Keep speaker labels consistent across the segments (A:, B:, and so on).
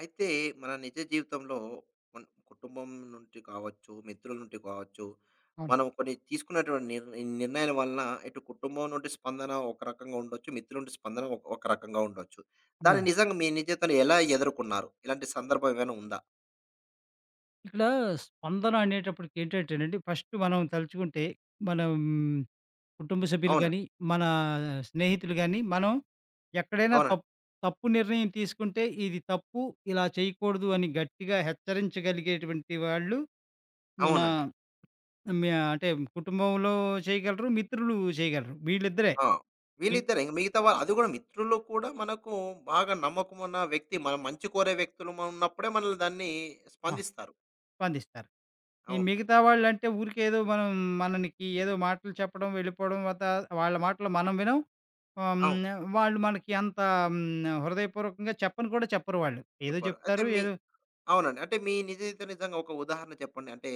A: అయితే, మన నిజ జీవితంలో కొన్ని కుటుంబం నుంచి కావచ్చు, మిత్రుల నుంటి కావచ్చు,
B: అవును.
A: మనం కొన్ని తీసుకున్నటువంటి నిర్ నిర్ణయాల వలన ఇటు కుటుంబం నుండి స్పందన ఒక రకంగా ఉండొచ్చు, మిత్రుల నుండి స్పందన ఒక్ ఒక రకంగా ఉండొచ్చు. దాన్ని
B: హ్మ్.
A: నిజంగా మీ నిజ జీవితంలో ఎలా ఎదుర్కొన్నారు? ఇలాంటి సందర్భం ఏమైనా ఉందా?
B: ఇక్కడ స్పందన అనేేటప్పటికి ఏంటంటేనండి, ఫస్టు మనం తలుచుకుంటే మనం కుటుంబ సభ్యులు గానీ,
A: అవునండి.
B: మనా స్నేహితులు గాని, మనం ఎక్కడైనా
A: అవునండి.
B: తప్ తప్పు నిర్ణయం తీసుకుంటే, ఇది తప్పు, ఇలా చేయకూడదు అని గట్టిగా హెచ్చరించగలిగేటువంటి వాళ్ళు మనా
A: అవునండి.
B: హ్మ్. యా అంటే కుటుంబంలో చేయగలరు, మిత్రులు చేయగలరు, వీళ్ళిద్దరే.
A: ఆ!
B: మిగత్
A: వీళ్ళిద్దరే. ఇంకా మిగతా వా అది గూడా మిత్రుల్లో కూడా మనకు బాగా నమ్మకం ఉన్న వ్యక్తి మన మంచి కోరే వ్యక్తులుం ఉన్నప్పుడే మనల్ని దాన్ని
B: ఆ!
A: స్పందిస్తారు.
B: స్పందిస్తారు. ఈ
A: అవును.
B: మిగతా వాళ్ళంటే ఊరికే ఏదో మనం మననికి ఏదో మాటలు చెప్పడం, వెళ్ళిపోడం వతా వాళ్ళ మాటలు మనం వినం. హ్మ్.
A: అవును.
B: నా వాళ్ళు మనకి అంత హ్మ్. నా హృదయపూర్వకంగా చెప్పని కూడా చెప్పరు వాళ్ళు. ఏదో
A: చెప్పరు. అయితే
B: జెప్తారు
A: మీ
B: ఏదో
A: అవునండి. అంటే, మీ నిజ జీవితంలో జరిగిన ఒక ఉదాహరణ చెప్పండి. అంటే,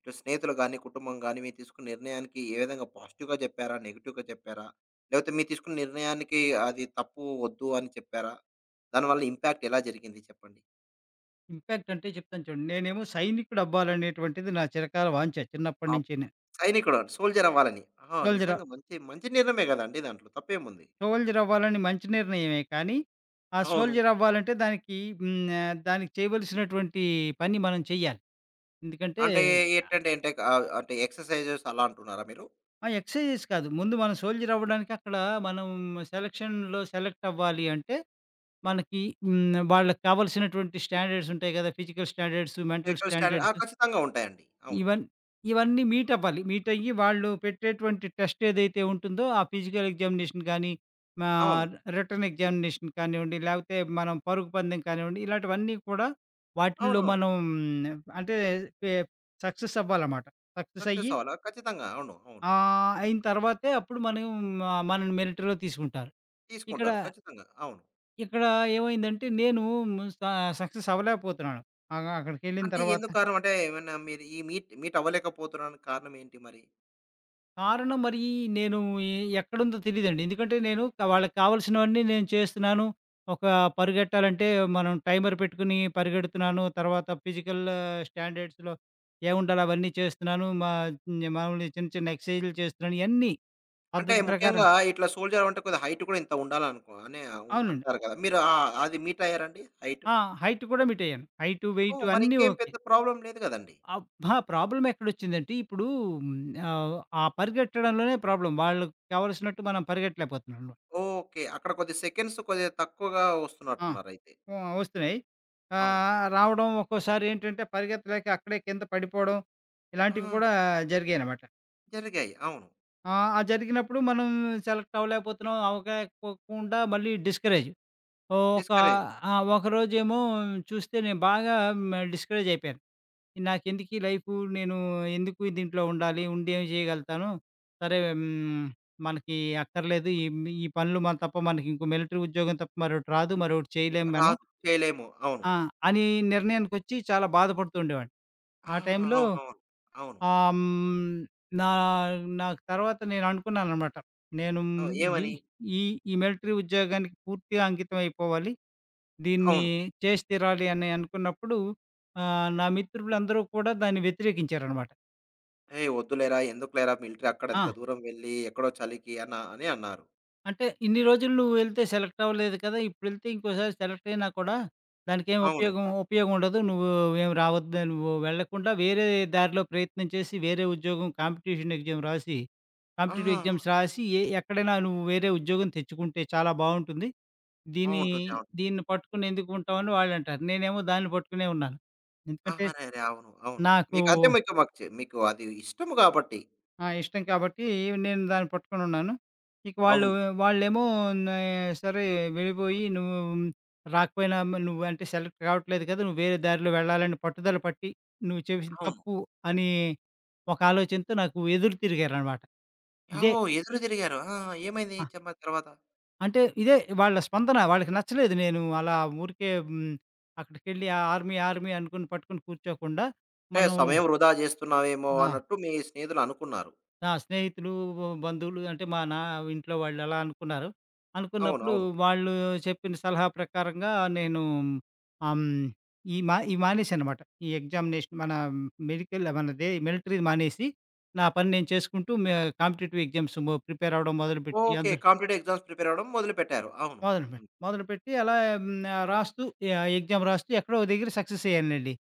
A: ఇటు స్నేహితులు గాని, కుటుంబం గాని, మీరు తీసుకున్న నిర్ణయానికి ఏ విధంగా పాజిటివ్‌గా చెప్పారా? నెగెటివ్‌గా చెప్పారా? లేపోతే, మీరు తీసుకున్న నిర్ణయానికి అది తప్పు ఒద్దు అని చెప్పారా? దానివల్ల ఇంపాక్ట్ ఎలా జరిగింది చెప్పండి?
B: ఇంపాక్ట్ అంటే జెప్తాను చూడండి. నేనేమో సైనికుడవ్వాలనేటువంటిది నా చిరకాల వాంఛ.
A: ఆప్
B: చిన్నప్పట్నించిని.
A: సైనికుడు సోల్జరవ్వాలని. ఆహా!
B: సోల్జర్ ఆవ...
A: నిజంగా మంచి మంచి నిర్ణమే గదండి! దాంట్లో తప్పేముంది.
B: సోల్జరవ్వాలని మంచి నిర్ణయమే కానీ. ఆ
A: అవును.
B: సోల్జరవ్వాలంటే దానికి హ్మ్, ఆహ్, దానికి చేయవలసినటువంటి పని మనం చేయాలి. ఎందుకంటే
A: అంటే,
B: ఆ!
A: ఎంటంటే అంటే ఆహ్, అంటే ఎక్సర్‌సైజెస్ అలా అంటున్నారా మీరు?
B: ఆ! ఎక్సర్‌సైజెస్ కాదు. ముందు మన సోల్జరవ్వడానికి అక్కడ మనం సెలక్షన్‌లో సెలెక్ట్ అవ్వాలి అంటే, మనకి హ్మ్, వాళ్ళక్కావాల్సినటువంటి స్టాండర్డ్స్ ఉంటాయి కదా! Physical standards, mental
A: physical standard ఆ!
B: స్టాండర్డ్స్.
A: ఖచ్చితంగా ఉంటాయండి. అవును.
B: ఇవన్ ఇవన్నీ మీటవ్వాలి. మీటయ్యి వాళ్ళు పెట్టేటువంటి టెస్ట్ ఏదైతే ఉంటుందో ఆ ఫిజికల్ ఎగ్జామినేషన్ గాని, మా
A: అవును.
B: రిటెన్ ఎగ్జామినేషన్ కానివ్వండి, లేకపోతే మనం పరుగు పందెం కానివ్వండి, ఇలాటివన్నీ కూడా వాటిల్లో
A: అవునవును.
B: మనం అంటే పె సక్సెస్ అవ్వాలమాట.
A: సక్సెస్
B: సక్సెసయ్యి
A: అవాల ఖచ్చితంగా! అవును. అవును.
B: ఆహ్, అయిన తర్వాతే అప్పుడు మనం ఆహ్, మనల్ని మిలిటరీలో తీసుకుంటారు. ఇక్కడ...
A: తీసుకుంటారు. ఖచ్చితంగా! అవును.
B: ఇక్కడ ఏమైందంటే నేను హ్మ్, స సక్సెస్ అవ్వలేకపోతున్నాను. ఆగా అక్కడికెళ్ళిన
A: అంటే,
B: తర్వాత
A: ఎందుకు కారణం? అంటే, ఏమన్నా మీరు ఈ మీట్ మీటవ్వలేకపోతున్నని కారణం ఏంటి మరి?
B: కారణం మరీ నేను ఎ ఎక్కడుందో తెలీదండి. ఎందుకంటే, నేను కా వాళ్ళకి కావాల్సినవన్నీ నేను చేస్తున్నాను. ఒక పరిగెట్టాలంటే, మనం టైమర్ పెట్టుకొని పరిగెడుతున్నాను, తర్వాత ఫిజికల్ స్టాండర్డ్స్‌లో ఏవుండాలో అవన్నీ చేస్తున్నాను. మా మాములు చిన్న చిన్న ఎక్సైజులు చేస్తున్నాను, ఇయన్నీ.
A: అంటే
B: పద్ధతి ప్రకారం.
A: ముఖ్యంగా ఇట్లా సోల్జర్ అవ్వాలంటే కొద్ది హైట్ కూడా ఇంత ఉండాలనుకో అనే ఉన్
B: అవునండి.
A: అంటారు కదా! మీరు ఆ! అ అది మీటయ్యారాండి? హైటు?
B: ఆ! హైట్ కూడా మీటయ్యాను. హైటు వెయిట్
A: ఓహ్!
B: అన్నీ
A: మరింకేం
B: ఓకే.
A: పెద్ద ప్రాబ్లమ్ లేదు గదండి.
B: అబ్బా! ప్రాబ్లమ్ ఎక్కడొచ్చిందంటే, ఇప్పుడు ఆహ్, ఆ పరిగెట్టడంలోనే ప్రాబ్లమ్. వాళ్ళక్కావాల్సినట్టు మనం పరిగెట్టలేకపోతున్నాను.
A: ఓకే. అక్కడ కొద్ది సెకన్స్ కొద్ది తక్కువగా
B: ఆ!
A: ఒస్తున్నట్టున్నారైతే.
B: ఆ! ఒస్తున్నాయి.
A: అవును.
B: ఆహ్, రావడం ఒక్కోసారేంటంటే, పరిగెతలేక అక్కడే కింద పడిపోడం. ఇలాంటివి
A: ఆ!
B: కూడా జరిగాయనమాట.
A: జరిగాయి. అవును.
B: ఆ! ఆ జరిగినప్పుడు మనం సెలెక్ట్ అవ్వలేకపోతున్నాం, అవ్వకపోకుండా మళ్ళీ డిస్కరేజ్. ఒక
A: డిస్కరేజ్.
B: ఆ ఒకరోజేమో చూస్తే నేను బాగా ఆ మ డిస్కరేజ్ అయిపోయాను. నాకెందుకీ లైఫు? నేను ఎందుకు దీంట్లో ఉండాలి? ఉండి ఏం చేయగలుగుతాను? సరే హ్మ్. మనకి అక్కర్లేదు. ఈ ఈ పనులు మన తప్ప మనకింకో మిలిటరీ ఉద్యోగం తప్ప మరోటి రాదు. మరోటి చేయలేం మనం.
A: రాదు చేయలేము. అవును.
B: ఆ! అనీ నిర్ణయానికొచ్చి చాలా బాధపడుతూ ఉండేవాడిని.
A: ఆ!
B: ఆ టైంలో
A: అవునవును. అవును.
B: ఆహ్, హ్మ్. నా నాకు తర్వాత నేను అనుకున్నాననమాట. నేను
A: ఆ!
B: ది
A: ఏవని?
B: ఈ ఈ మిలిటరీ ఉద్యోగానికి పూర్తిగా అంకితమైపోవాలి. దీన్ని
A: అవును.
B: జేసి తీరాలి అని అనుకున్నప్పుడు, ఆహ్, నా మిత్రులందరూ కూడా దాన్ని వ్యతిరేకించారనమాట.
A: హే! ఒద్దులేరా. ఎందుకులేరా మిలటరీ? అక్కడ అంత
B: ఆ!
A: దూరం వెళ్ళి ఎక్కడో చలికి అనా అని అన్నారు.
B: అంటే ఇన్ని రోజులు నువ్వెళ్తే సెలెక్టవ్వలేదు కదా! ఇప్పుడెళ్తే ఇంకోసారి సెలెక్టయినా కూడా, దానికేం
A: అవును.
B: ఉపయోగం, ఉపయోగం ఉండదు. నువ్వు ఏం రావద్దు. నువ్వు వెళ్ళకుండా వేరే దారిలో ప్రయత్నం చేసి వేరే ఉద్యోగం కాంపిటీషన్ ఎగ్జామ్ రాసి, కాంపిటిటివ్
A: ఆహాహా!
B: ఎగ్జామ్స్ రాసి ఎ ఎక్కడైనా నువ్వు వేరే ఉద్యోగం తెచ్చుకుంటే చాలా బావుంటుంది.
A: ఆ!
B: దీని
A: ఉంటుంది. అవును.
B: దీన్ని పట్టుకొని ఎందుకుంటావని వాళ్ళంటారు. నేనేమో దాన్ని పట్టుకునే ఉన్నాను.
A: ఆ!
B: ఎందుకంటే,
A: అరెరే! అవును. అవును.
B: నాకూ
A: మీకంటే మీకు నచ్చి మీకు అది ఇష్టము కాబట్టి.
B: ఆ! ఇష్టం కాబట్టి నేను దాన్ని పట్టుకోనున్నాను. ఇక వాళ్ళు
A: అవును.
B: వాళ్ళేమో నా సరే వెళ్ళిపోయి నువ్వు రాకపోయినా మరి నువ్వంటే సెలెక్ట్ కావట్లేదు కదా! నువ్వు వేరే దారిలో వెళ్ళాలని పట్టుదల పట్టి నువ్వు చేసిన
A: అవును.
B: తప్పు అని ఒక ఆలోచనతో నాకు ఎదురు తిరిగారనమాట. ఇదే
A: ఓహో! ఎదురు తిరిగారు. ఆ! ఏమైంది
B: ఆ!
A: చెప్పండి తర్వాత?
B: అంటే, ఇదే వాళ్ళ స్పందన. వాళ్ళకి నచ్చలేదు నేను అలా ఊరికే హ్మ్. అక్కడికెళ్ళి ఆ ఆర్మీ, ఆర్మీ అనుకొని పట్టుకొని కూర్చోకుండా,
A: అంటే,
B: మనం
A: సమయం వృధా జేస్తున్నావేమో
B: ఆ!
A: అన్నట్టు మీ స్నేహితులనుకున్నారు.
B: నా స్నేహితులూ, బంధువులు అంటే మనా ఇంట్లో వాళ్ళు అలా అనుకున్నారు.
A: అవును.
B: అనుకున్నప్పుడు
A: అవును.
B: వాళ్ళు చెప్పిన సలహా ప్రకారంగా నేనూ ఆహ్, హ్మ్, ఈ మా ఇవి మానేశా అనమాట. ఈ ఎగ్జామినేషన్ మన మెడికల్ మనదే మిలటరీదీ మానేసి, నా పని నేను చేసుకుంటూ మే కాంపిటిటివ్ ఎగ్జామ్స్ ము ప్రిపేరవ్వడం మొదలుపెట్టి
A: ఓకే.
B: అంద్
A: కాంపిటిటివ్ ఎగ్జామ్స్ ప్రిపేరవ్వడం మొదలుపెట్టారు. అవును.
B: మొదలుపె
A: హ్మ్.
B: మొదలుపెట్టి అలా హ్మ్, నా రాస్తూ ఇహా ఎగ్జామ్ రాస్తూ ఎక్కడో ఓ దగ్గిర సక్సెసయ్యానండి.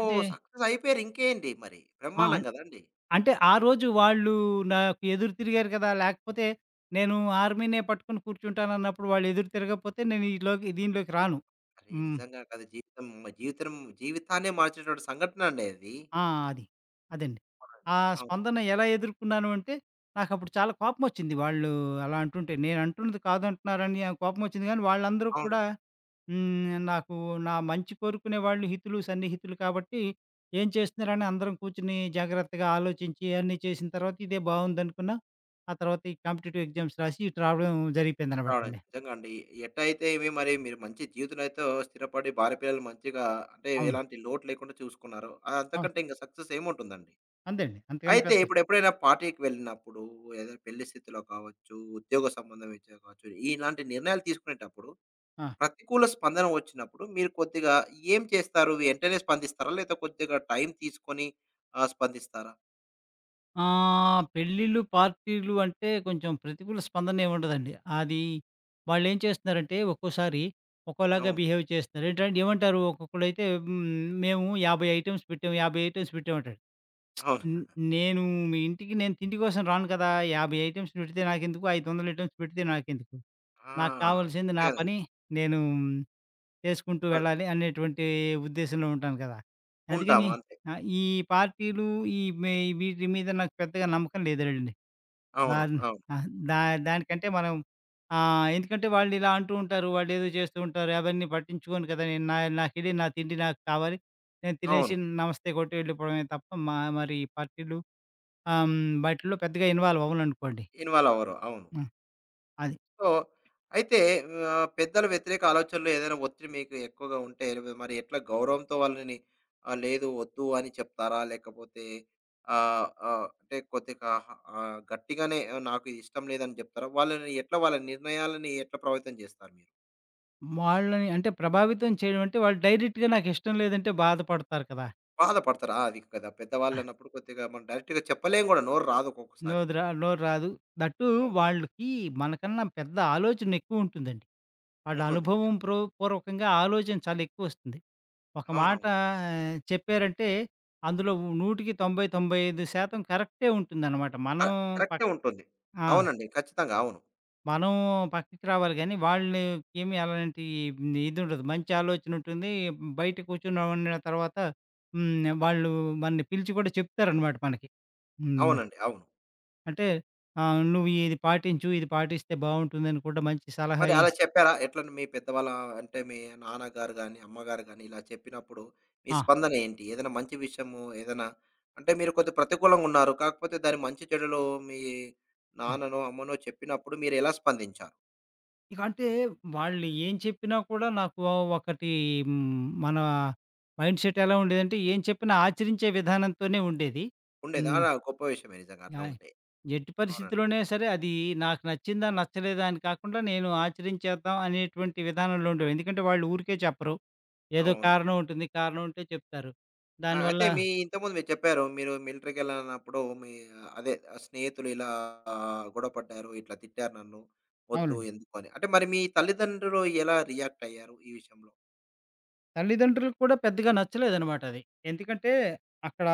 B: అంటే
A: సక్సెసయిపోయారు ఇంకేంటి మరి
B: ఆ!
A: బ్రహ్మాండం
B: అన్
A: గదండి.
B: అంటే ఆ రోజు వాళ్ళు నాకు ఎదురు తిరిగారు గదా! లేకపోతే, నేను ఆర్మీనే పట్టుకొని కూర్చుంటానన్నప్పుడు వాళ్ళెదురు తిరగపోతే నేను ఈలోకి దీనిలోకి రాను.
A: అరే
B: హ్మ్.
A: నిజంగా కదా! జీవితం మ జీవిత్రం జీవితాన్నే మార్చేటటువంటి సంఘటనండి అది.
B: ఆ! అది. అదండి.
A: అవునండి.
B: ఆ
A: అవును.
B: స్పందన ఎలా ఎదుర్కున్నాను అంటే? నాకప్పుడు చాలా కోపమొచ్చింది వాళ్ళు అలా అంటుంటే. నేనంటున్నది కాదంటున్నారని ఆహ్, కోపమొచ్చింది కానీ, వాళ్ళందరూ
A: అవును.
B: కూడా హ్మ్. నాకు నా మంచి కోరుకునే వాళ్ళు హితులు, సన్నిహితులు కాబట్టి, ఏం చేస్తున్నారని అందరం కూర్చొని జాగ్రత్తగా ఆలోచించి ఇవన్నీ చేసిన తర్వాత ఇదే బావుందనుకున్నా. ఆ తర్వాత ఈ కాంపిటిటివ్ ఎగ్జామ్స్ రాసి ఇటు రావడం
A: అవునండి.
B: జరిగిపోయిందనమాటండి.
A: నిజంగా అండి. ఎటైతే ఏమి మరి మీరు మంచి జీవితంలోనైతో స్థిరపడి భార్య పిల్లలు మంచిగా అంటే,
B: అవును.
A: ఎలాంటి లోటు లేకుండా చూసుకున్నారో
B: ఆ!
A: అంతకంటే ఇంక సక్సెస్ ఏముంటుందండి.
B: అంతేండి. అంతకన్నా
A: అయితే
B: పెద్ద
A: ఇప్పుడెప్పుడైనా పార్టీకి వెళ్ళినప్పుడు, ఏదైనా పెళ్లి స్థితిలో కావచ్చు, ఉద్యోగ సంబంధం రీత్యా కావచ్చు, ఇలాంటి నిర్ణయాలు తీసుకునేటప్పుడు
B: ఆ!
A: ప్రతికూల స్పందన వచ్చినప్పుడు మీరు కొద్దిగా ఏం చేస్తారు? వెంటనే స్పందిస్తారా? లేతే కొద్దిగా టైం తీసుకొని, ఆహ్, స్పందిస్తారా?
B: ఆహ్, పెళ్ళిళ్ళు, పార్టీలు అంటే కొంచెం ప్రతికూల స్పందన ఏముండదండి. అది, వాళ్ళేం చేస్తున్నారంటే ఒక్కోసారి, ఒకోలాగా
A: అవును.
B: బిహేవ్ చేస్తున్నారు. ఎంటం ఏమంటారు ఒక్కొక్కళైతే హ్మ్, మేము 50 ఐటమ్స్ పెట్టాం, 50 ఐటమ్స్ పెట్టాంమంటాడు.
A: అవును.
B: హ్మ్, నేను మీ ఇంటికి నేను తిండి కోసం రాను కదా! 50 ఐటమ్స్ పెడితే నాకెందుకు 500 ఐటెమ్స్ పెడితే నాకెందుకు.
A: ఆ!
B: నాకు కావాల్సింది నా
A: నిజంగ.
B: పని, నేను చేసుకుంటూ
A: ఆహ్
B: వెళ్ళాలి అనేటువంటి ఉద్దేశ్యంలో ఉంటాను కదా!
A: ఉంటాం,
B: అందుకని
A: అంతే.
B: ఆహ్, ఈ పార్టీలు ఈ మె వీటి మీద నాకు పెద్దగా నమ్మకం లేదులెడండి.
A: అవును.
B: ఆహ్,
A: అవును.
B: ఆ! దా దానికంటే మనం ఆహ్, ఎందుకంటే వాళ్ళిలా అంటూ ఉంటారు. వాళ్ళేదో చేస్తూ ఉంటారు. అవన్నీ పట్టించుకోను కదా! నేను నా నాకెళ్లి, నా తిండి నాకు కావాలి. నేను తినేసి
A: అవును.
B: నమస్తే కొట్టి వెళ్ళిపోవడమే తప్ప మా మరి ఈ పార్టీలు. ఆహ్, హ్మ్, బాటిల్లో పెద్దగా ఇన్వాల్వవననుకోండి.
A: ఇన్వాల్వవ్వరు, అవును.
B: హ్మ్, అది.
A: సో అయితే ఆహ్, పెద్దల వ్యతిరేక ఆలోచనలో ఏదైనా ఒత్తిడి మీకు ఎక్కువగా ఉంటే రి మరి ఎట్లా గౌరవంతో వాళ్ళని ఆహ్, లేదు వద్దు అని చెప్తారా? లేకపోతే, ఆహ్, ఆహ్, అంటే కొద్దిగా ఆహ్, గట్టిగానే నాకిది ఇష్టం లేదని చెప్తారా? వాళ్ళని ఎట్లా వాళ్ళ నిర్ణయాలని ఎట్లా ప్రభావితం చేస్తారు మీరు?
B: వాళ్ళని అంటే ప్రభావితం చేయడంంటే, వాళ్ళు డైరెక్ట్‌గా నాకు ఇష్టం లేదంటే బాధపడతారు కదా!
A: బాధలపడతారు ఆ! అది కదా!
B: ఆ!
A: పెద్దవాళ్ళున్నప్పుడు కొద్దిగా మనం డైరెక్ట్‌గా చెప్పలేము కూడా. నోరు రాదు ఒక్కొక్కసారి.
B: నోదిరా నోరు రాదు. థట్ టూ
A: అవును.
B: వాళ్ళకి మనకన్నా పెద్ద ఆలోచనెక్కువ ఉంటుందండి. వాళ్ళ
A: ఉంటుంది. నిజం.
B: అనుభవం ప్రో పూర్వకంగా ఆలోచన చాలా ఎక్కువ వస్తుంది. ఒక మాట
A: అవునవును.
B: ఆహ్, చెప్పారంటే అందులో నూటికి 90, 95 శాతం కరెక్టే ఉంటుందనమాట.
A: ఆ
B: మనం పక్క
A: కరెక్టే ఉంటుంది.
B: ఆ!
A: అవునండి. ఖచ్చితంగా అవును.
B: మనం పక్కికి రావాలి గానీ, వాళ్ళకేమి అలాంటి హ్మ్ ఇదుండదు. మంచి ఆలోచన ఉంటుంది. బయట కూర్చొని నవన్నా తర్వాత. హ్మ్. ఆహ్, వాళ్ళు మనని పిలిచి కూడా చెప్తారనమాట మనకి. హ్మ్.
A: అవునండి. అవును.
B: అంటే. ఆహ్, "నువ్వు ఇది పాటించు, ఇది పాటిస్తే బావుంటుందని కూడా, మంచి సలహా
A: మరి అలా
B: ఇస్"
A: చెప్పారా? ఎట్లంటే మీ పెద్దవాళ్ళ అంటే మీ నాన్నగారు గాని, అమ్మగారు గాని, ఇలా చెప్పినప్పుడు మీ
B: ఆ!
A: స్పందన ఏంటి? ఏదైనా మంచి విషయము ఏదైనా అంటే మీరు కొద్ది ప్రతికూలంగా ఉన్నారు. కాకపోతే దాని మంచి, చెడులు మీ
B: హ్మ్.
A: నాన్ననో, అమ్మనో చెప్పినప్పుడు మీరు ఎలా స్పందించారు?
B: ఇక అంటే వాళ్ళు ఏం చెప్పినా కూడా నాకు ఆహ్, ఒకటి హ్మ్. మన మైండ్ సెట్ ఎలా ఉండేదంటే, ఏం చెప్పినా ఆచరించే విధానంతోనే ఉండేది.
A: ఉండేదా!
B: హ్మ్.
A: ఆహా! గొప్ప విషయమే నిజంగా అట్లా
B: ఆయ్!
A: ఉంటే.
B: ఎట్టు
A: అవునండి.
B: పరిస్థితిలోనే సరే, అది నాకు నచ్చిందా నచ్చలేదా? అని కాకుండా నేను ఆచరించేద్దాం అనేటువంటి విధానంలో ఉండేవు. ఎందుకంటే వాళ్ళు ఊరికే చెప్పరు, ఏదో
A: అవును.
B: కారణం ఉంటుంది, కారణం ఉంటే చెప్తారు.
A: ఆ!
B: దానివల్ల
A: అయితే మీ ఇంతకుముందు మీరు చెప్పారు. మీరు మిలిటరీ ఎలాన్నప్పుడు, మీ అదే స్నేహితులు ఇలా గొడపడ్డారు, ఇట్లా తిట్టారు నన్ను, వద్దు
B: అవునండి.
A: ఎందుకు అని. అంటే మరి మీ తల్లిదండ్రులు ఎలా రియాక్ట్ అయ్యారు ఈ విషయంలో?
B: తల్లిదండ్రులకు కూడా పెద్దగా నచ్చలేదనమాట అది. ఎందుకంటే అక్కడ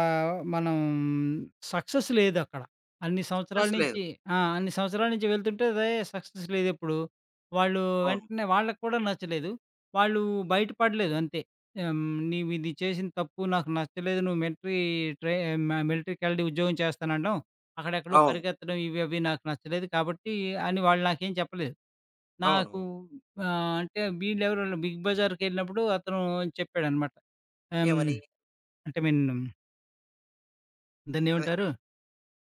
B: మనం ఆహ్, సక్సెస్ లేదక్కడ. అన్ని సంవత్సరాల
A: సక్సెస్ లేదు.
B: నించి ఆ! అన్ని సంవత్సరాల నించి వెళ్తుంటే రే సక్సెస్ లేదెప్పుడు. వాళ్ళు
A: అవును.
B: వెంటనే వాళ్ళక్కూడా నచ్చలేదు. వాళ్ళు బయట పడలేదు అంతే. హ్మ్. నీవు ఇది చేసిన తప్పు, నాకు నచ్చలేదు నువ్వు మిలటరీ ట్రై మ మిలటరీ కెలడి ఉద్యోగం చేస్తాననడం. అక్కడ ఎక్కడో
A: అవును.
B: పరికెత్తడం ఇవి అవి నాకు నచ్చలేదు. కాబట్టి అని వాళ్ళు నాకేం చెప్పలేదు. నాకు
A: అవునవును.
B: అంటే వీళ్ళెవరో బిగ్ బజార్‌కెళ్ళినప్పుడు అతను అని చెప్పాడనమాట. ఆహ్, హ్మ్.
A: ఏవని?
B: అంటే విన్
A: అదె.
B: దాన్నేవంటారు?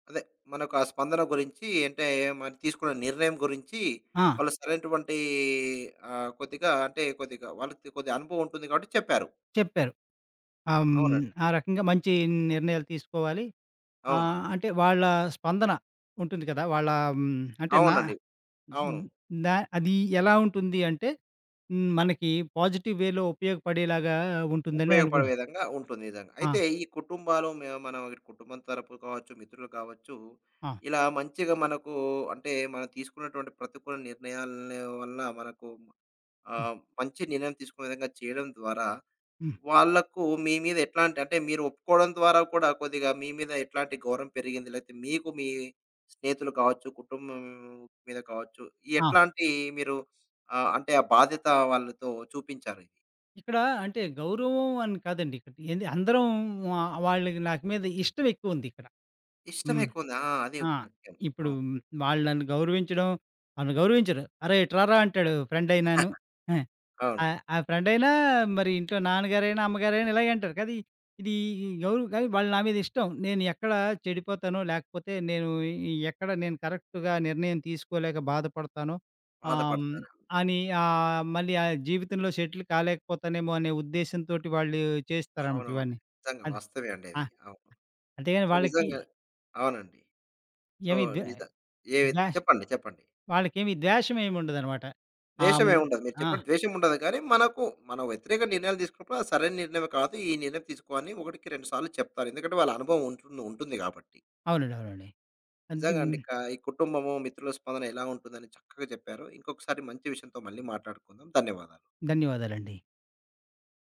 A: అదే. మనకా స్పందన గురించి అంటే, మరి తీసుకున్న నిర్ణయం గురించి
B: ఆ!
A: వాళ్ళు సరైనటువంటి ఆహ్, కొద్దిగా అంటే కొద్దిగా వాళ్ళకి కొద్దిగా అనుభవం ఉంటుంది గాబట్టి చెప్పారు.
B: చెప్పారు. ఆహ్, హ్మ్.
A: అవునండి.
B: ఆ రకంగా మంచి నిర్ణయాలు తీసుకోవాలి. ఆ!
A: అవును.
B: అంటే వాళ్ళ స్పందన. ఉంటుంది కదా! వాళ్ళా హ్మ్. అంటే నా
A: అవునండి. అవును.
B: హ్మ్. దా అది ఎలా ఉంటుంది అంటే? హ్మ్. మనకి పాజిటివ్ వేలో ఉపయోగపడేలాగా ఉంటుందనే
A: ఉపయోగపడే
B: అనుకుంటాం.
A: విధంగా ఉంటుంది నిజంగా.
B: ఆ!
A: అయితే ఈ కుటుంబాలు మె మనం ఇ కుటుంబం తరపు కావచ్చు, మిత్రులు కావచ్చు.
B: ఆ!
A: ఇలా మంచిగా మనకు అంటే మనం తీసుకున్నటువంటి ప్రతికూల నిర్ణయాల వల్ల మనకు
B: హ్మ్.
A: ఆహ, మంచి నిర్ణయం తీసుకునే విధంగా చేయడం ద్వారా,
B: హ్మ్.
A: వాళ్ళకు మీ మీద ఎట్లాంటి అంటే మీరు ఒప్పుకోడం ద్వారా కూడా కొద్దిగా మీ మీద ఎట్లాంటి గౌరవం పెరిగింది? లేతే మీకు మీ స్నేహితులు కావచ్చు, కుటుంబం మీద కావచ్చు,
B: ఆ!
A: ఎట్లాంటి మీరు ఆ! అంటే ఆ బాధ్యత వాళ్ళతో చూపించారది?
B: ఇక్కడ అంటే గౌరవం అని కాదండి. ఏంది అందరం ఆ వాళ్ళకి నాకు మీద ఇష్టం ఎక్కువంది ఇక్కడ.
A: ఇష్టమె
B: హ్మ్.
A: ఎక్కువంది. ఆ! అది
B: ఆ!
A: ముఖ్యం.
B: ఇప్పుడు
A: అవును.
B: వాళ్ళు నన్ను గౌరవించడం, అను గౌరవించరు. "అరేయ్! ఇటు రార" అంటాడు ఫ్రెండ్ అయినాను.
A: అవును.
B: ఆహ్, ఆహ్, ఫ్రెండైనా, మరి ఇంట్లో నాన్నగారైన, అమ్మగారైన ఇలాగే అంటారు కదా! ఇది ఇ ఎవరు కానీ, వాళ్ళు నా మీద ఇష్టం. నేను ఎక్కడ చెడిపోతానో, లేకపోతే నేను ఇ ఇ ఎక్కడ నేను కరెక్ట్‌గా నిర్ణయం తీసుకోలేక బాధపడతానో, ఆహ్, హ్మ్.
A: బాధపడతార
B: అని ఆహ్, మళ్ళీ ఆ జీవితంలో సెటిల్ కాలేకపోతానేమో అనే ఉద్దేశ్యం తోటి వాళ్ళు చేస్తారనమాట
A: అవునవును.
B: ఇవన్నీ.
A: నిజంగా
B: ఆది.
A: వాస్తవమే అండి
B: ఆ!
A: అది. అవును.
B: అంతే గాని
A: సో
B: వాళ్ళకి
A: నిజంగా. అవునండి. సో
B: ఏమి ద్
A: నిజ ఏవి
B: ధ్వష్
A: చెప్పండి. చెప్పండి.
B: వాళ్ళకేమి ధ్యాషమేమి ఉండదన్నమాట. ఆహ్,
A: ద్వేషం ఏమి
B: హ్మ్.
A: ఉండదు. మీరు
B: ఆ!
A: చెప్పినట్టు ద్వేషం ఉండదు. కానీ, మనకు మన వ్యతిరేక నిర్ణయాలు తీసుకున్నప్పుడు, అది సరైన నిర్ణయంమ కాదు. ఈ నిర్ణయం తీసుకో అని ఒకటికి రెండు సార్లు చెప్తారు. ఎందుకంటే, వాళ్ళ అనుభవం ఉంటుంది ఉంటుంది కాబట్టి.
B: అవునండి. అవునండి.
A: నిజంగా
B: అంతేమ్
A: అండి. క ఈ కుటుంబము, మిత్రుల స్పందన ఎలా ఉంటుందని చక్కగా చెప్పారు. ఇంకొకసారి మంచి విషయంతో మళ్ళీ మాట్లాడుకుందాం. ధన్యవాదాలు.
B: ధన్యవాదాలండి.